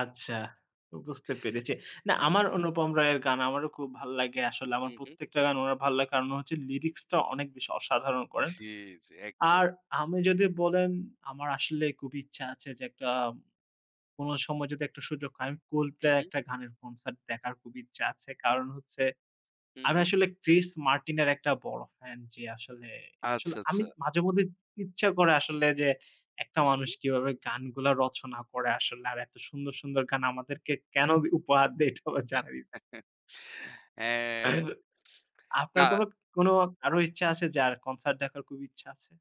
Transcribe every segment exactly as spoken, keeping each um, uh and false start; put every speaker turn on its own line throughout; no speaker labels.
আচ্ছা, তো বুঝতে পেরেচে না,
জি, জি।
আমার অনুপম রয়ের গান আমারও খুব ভাল লাগে আসলে।
হু,
আমার
হুম।
প্রত্যেকটা গান ওনার ভাল লাগে কারণ হচ্ছে lyrics টা অনেক বেশি অসাধারণ করেন।
জি, জি। একদম।
আর আমি যদি বলেন, আমার আসলেই খুব ইচ্ছা আছে যে একটা, কোনো সময় যদি একটা সুযোগ হয়, Coldplay এর
উহু।
একটা গানের concert দেখার খুব ইচ্ছা আছে। কারণ হচ্ছে
হু,
আমি
হুম।
আসলে Chris Martin এর একটা বড় fan যে আসলে, আসলে
আচ্ছা,
আমি
আচ্ছা।
মাঝে মধ্যে ত ইচ্ছা করে আসলে যে, একটা
হুম,
মানুষ
হুম।
কিভাবে গানগুলা রচনা করে আসলে আর এত সুন্দর, সুন্দর গান আমাদেরকে কেনো দে উপহার দেয়, এটাও আমার জানার ইচ্ছা আছে।
হ্যাঁ।
[unintelligible] আপনার কোনো
না।
ক কোনো আরো ইচ্ছা আছে, যার concert দেখার খুব ইচ্ছা আছে?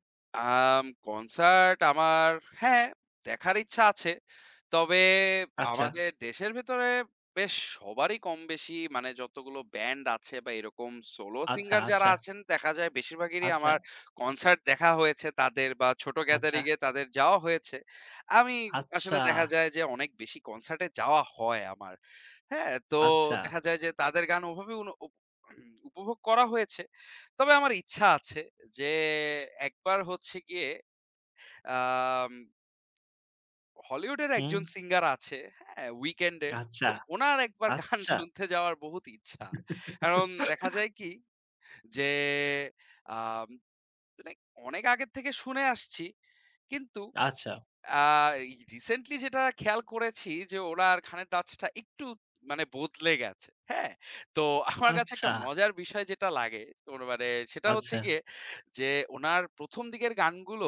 আম কনসার্ট আমার হ্যাঁ, দেখার ইচ্ছা আছে। তবে
আচ্চা।
আমাদের দেশের ভেতরে বেশ সবারই কম বেশি, মানে যতগুলো ব্যান্ড আছে, বা এরকম solo
আচ্ছা,
singer যারা
আচ্ছা।
আছেন, দেখা যায় বেশিরভাগেরই
আচ্ছা।
আমার কনসার্ট দেখা হয়েছে তাদের, বা ছোট
আচ্ছা।
gathering-এ তাদের যাওয়া হয়েছে। আমি
আচ্ছা।
আসলে দেখা যায় যে অনেক বেশি কনসার্টে যাওয়া হয় আমার। হ্যাঁ? তো
আচ্ছা।
দেখা যায় যে তাদের গান ওভাবে উন উপ উপভোগ করা হয়েছে। তবে আমার ইচ্ছা আছে যে একবার হচ্ছে গিয়ে, আম হলিউডের একজন
হুম।
singer আছে, হ্যাঁ? Weekend-এর।
আচ্ছা,
তো ওনার একবার গান
আচ্চা।
শুনতে যাওয়ার বহুত ইচ্ছা। কারণ দেখা যায় কি যে, আম এটাই অনেক আগে থেকে শুনে আসছি। কিন্তু,
আচ্ছা।
আ এই recently যেটা খেয়াল করেছি যে, ওনার খানের touch টা একটু, মানে বদলে গেছে। হ্যাঁ? তো আমার কাছে
আচ্ছা।
একটা মজার বিষয় যেটা লাগে, ওর মানে সেটা হচ্ছে
আচ্ছা।
গিয়ে যে, ওনার প্রথম দিকের গানগুলো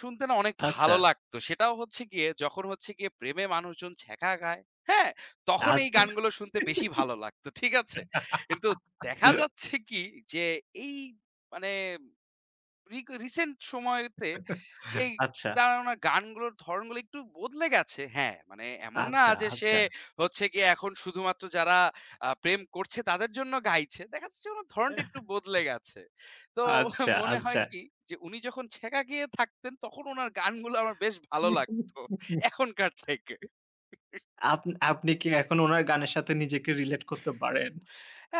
শুনতে না, অনেক ভালো
আচ্ছা।
লাগত। সেটাও হচ্ছে গিয়ে যখন হচ্ছে গিয়ে প্রেমে মানুষজন ছেঁকা খায়, হ্যাঁ? তখন এই
আচ্ছা।
গানগুলো শুনতে বেশি ভালো লাগত। ঠিক আছে? কিন্তু দেখা যাচ্ছে কি, যে এই মানে রিক recent সময়েতে, সেই
আচ্ছা।
তার ওনার গানগুলোর ধরণগুলো একটু বদলে গেছে। হ্যাঁ, মানে এমন না
আচ্চা,
যে, সে
আচ্চা।
হচ্ছে গিয়ে এখন শুধুমাত্র যারা আ প্রেম করছে, তাদের জন্য গাইছে। দেখা যাচ্ছে ওনার
এহ
ধরণটা
হ।
একটু বদলে গেছে। তো
আচ্ছা,
মনে হয়
আচ্ছা।
কি যে, উনি যখন ছেঁকা খেয়ে থাকতেন, তখন ওনার গানগুলো আমার বেশ ভালো লাগত
[unintelligible]
এখনকার থেকে।
আপন আপনি কি এখন ওনার গানের সাথে নিজেকে relate করতে পারেন?
আ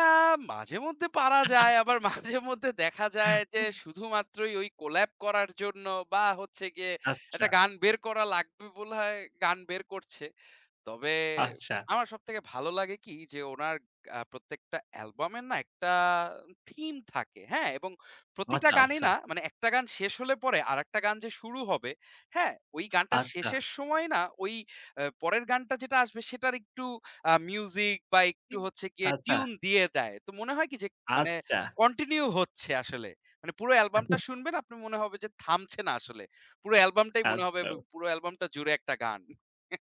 মাঝে-মধ্যে পারা যায়। আবার মাঝে-মধ্যে দেখা যায় যে, শুধুমাত্রই ওই collab করার জন্য, বা হচ্ছে গিয়ে
আচ্ছা।
একটা গান বের করা লাগবে বলে হয় গান বের করছে। তবে
আচ্ছা।
আমার সবথেকে ভালো লাগে কি, যে ওনার আ প্রত্যেকটা album-এর না একটা theme থাকে। হ্যাঁ? এবং প্রতিটা
আছা,
গানই
আচ্ছা।
না, মানে এক টা গান শেষ হলে পরে আরেকটা গান যে শুরু হবে, হ্যাঁ? ওই গানটার
আচ্ছা।
শেষের সময়ই না, ওই এ পরের গানটা যেটা আসবে, সেটার একটু আ music বা একটু হচ্ছে গিয়ে
আচ্ছা।
tune দিয়ে দেয়। তো মনে হয় কি যে মানে
আচ্চা।
continue হচ্ছে আসলে। মানে পুরো album টা শুনবেন, আপনার মনে হবে যে থামছে না আসলে। পুরো album টাই মনে হবে ব ব
আচ্ছা।
পুরো album টা জুড়ে একটা গান।